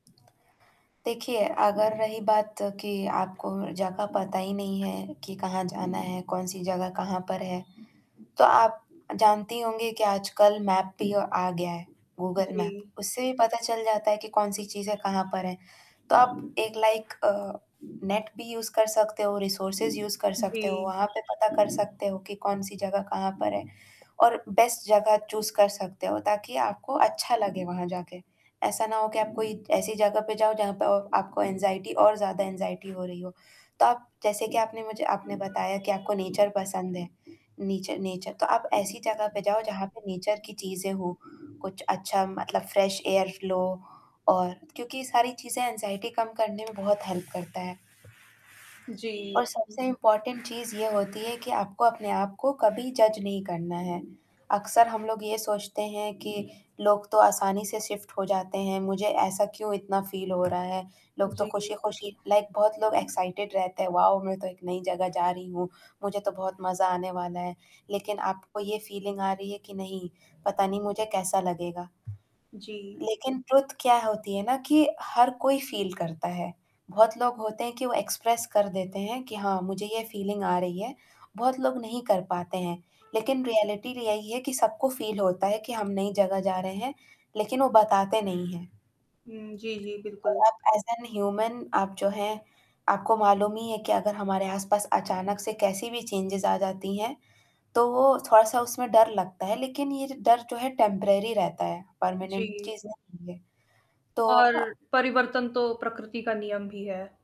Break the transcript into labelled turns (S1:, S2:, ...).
S1: देखिए, अगर रही बात कि आपको जगह पता ही नहीं है कि कहाँ जाना है, कौन-सी जगह कहाँ पर है, तो आप जानती होंगी कि आजकल मैप भी आ गया है, गूगल मैप।
S2: जी।
S1: उससे पता चल जाता है कि कौन-सी चीज़ें कहाँ पर हैं, तो आप एक लाइक अ, नेट भी यूज़ कर सकते हो, रिसोर्सेस यूज़ कर सकते हो,
S2: जी।
S1: वहाँ पे पता कर सकते हो कि कौन-सी जगह कहाँ पर है, और बेस्ट जगह चूज़ कर सकते हो ताकि आपको अच्छा लगे वहाँ जाके। ऐसा ना हो कि आप कोई ऐसी जगह पे जाओ जहाँ पे अ, आपको एंग्ज़ायटी और ज़्यादा एंग्ज़ायटी हो रही हो। तो आप जैसे कि आपने मुझे आपने बताया कि आपको नेचर पसंद है। नीचर नेचर तो आप ऐसी जगह पे जाओ जहाँ पे नेचर की चीज़ें हो, कुछ अच्छा मतलब फ्रेश एयर फ्लो और क्योंकि सारी चीज़ें एंग्ज़ायटी कम करने में बहुत हेल्प करता है। और
S2: जी।
S1: सबसे इम्पोर्टेंट चीज़ ये होती है कि आपको अपने आप को कभी जज नहीं करना है। अक्सर हम लोग ये सोचते हैं कि, लोग तो आसानी से शिफ्ट हो जाते हैं, मुझे ऐसा क्यों इतना फील हो रहा है, लोग तो
S2: जी।
S1: खुशी-खुशी लाइक बहुत लोग एक्साइटेड रहते हैं, वाओ! मैं तो एक नई जगह जा रही हूँ, मुझे तो बहुत मज़ा आने वाला है। लेकिन आपको ये फीलिंग आ रही है कि नहीं पता नहीं मुझे कैसा लगेगा।
S2: जी।
S1: लेकिन ट्रुथ क्या होती है ना कि हर कोई फील करता है। बहुत लोग होते हैं कि वो एक्सप्रेस कर देते हैं कि हाँ, मुझे ये फीलिंग आ रही है, बहुत लोग नहीं कर पाते हैं। लेकिन रियलिटी र यही है कि सबको फील होता है कि हम नई जगह जा रहे हैं, लेकिन वो बताते नहीं हैं।
S2: हुँ, जी, जी,
S1: और
S2: बिल्कुल।
S1: आप ऐज़ एन ह्यूमन आप जो हैं आपको मालूम ही है कि अगर हमारे आस-पास अचानक से कैसी भी चेंजेस आ जाती हैं, तो वो थोड़ा-सा उसमें डर लगता है लेकिन ये डर जो है टेम्परेरी रहता है, परमानेंट
S2: जी।
S1: चीज़ नहीं है। तो
S2: और
S1: अ
S2: परिवर्तन तो प्रकृति का नियम भी है।